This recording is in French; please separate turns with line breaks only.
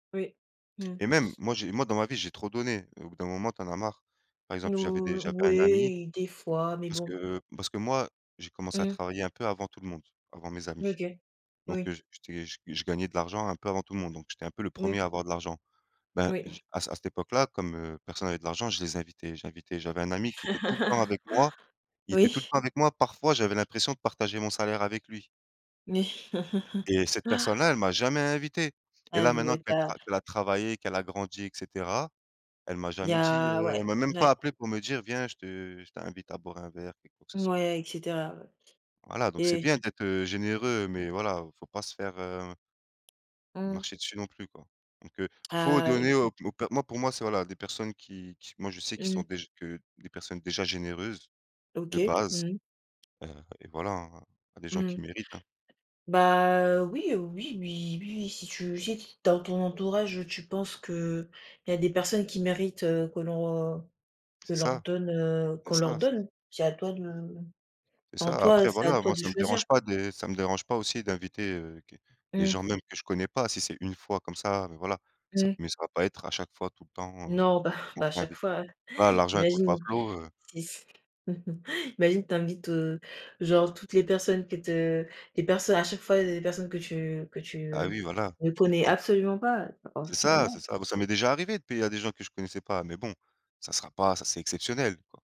Oui, mmh.
Et même, moi, j'ai moi, dans ma vie, j'ai trop donné. Au bout d'un moment, tu en as marre. Par exemple, j'avais des
Nous
j'avais un ami,
oui, des fois, mais
parce
bon.
que parce que moi, j'ai commencé à
Mmh.
travailler un peu avant tout le monde, avant mes amis,
OK,
donc heu,
oui.
j'é j'étais, je gagnais de l'argent un peu avant tout le monde, donc j'étais un peu le
Oui.
1er à avoir de l'argent. Ben
Oui.
je à à cette époque-là, comme, heu, personne n'avait de l'argent, je les invitais, j'invitais, j'avais un ami qui était tout le temps avec moi, il était tout le
Oui.
temps avec moi, parfois j'avais l'impression de partager mon salaire avec lui
Mais
et cette personne-là, elle m'a jamais invité, et là, maintenant qu'elle tra
[unintelligible]
qu'elle a travaillé, qu'elle a grandi, et cetera, elle m'a
Il y
jamais dit, heu,
a
elle
ouais,
m'a même
ouais.
pas appelé pour me dire: «Viens, je te je t'invite à boire un verre, quelque quoi que ce soit»
Mouais, et cetera, ouais,
Voilà, donc c'est
et
bien d'être, heu, généreux, mais voilà, il faut pas se faire, heu
Mmh.
marcher dessus non plus, quoi, donc heu, faut
Ah.
donner aux
[unintelligible]
p aux per moi pour moi c'est voilà des personnes qui qui, moi je sais qu'ils
Mmh.
sont déjà que des personnes déjà généreuses de
OK,
base,
mmh.
heu, et voilà hein à des gens
Mmh
qui
mh.
méritent, hein.
Bah heu, oui, heu, oui, oui, oui, oui, si tu si t dans ton entourage, tu penses qu'il y a des personnes qui méritent, heu, que l'on que
C'est
leur
ça,
donne, heu,
c'est
qu'on leur
ça, c'est
donne, c'est à toi de
C'est
enfin,
ça.
en toi
Après
c'est à
voilà,
toi
moi
de
ça me
choisir.
dérange pas de ça me dérange pas aussi d'inviter, heu, que, des
Mmh.
gens même que je connais pas si c'est 1 fois comme ça, mais voilà, ça
Mmh.
me mais ça va pas être à chaque fois tout le temps, heu,.
Non, bah bah, à chaque
[unintelligible]
fois, heu,
Voilà l'argent il coule pas à
imagine
flots, heu
sis imagine, tu invites, heu, genre toutes les personnes que te les personnes à chaque fois les personnes que tu que
Bah
tu
oui, voilà,
ne
tu
connais
comprends.
absolument pas pas
C'est
envie, bah
ça, c'est
non.
ça bah, ça m'est déjà arrivé de payer à des gens que je connaissais pas, mais bon, ça sera pas, ça c'est exceptionnel, quoi.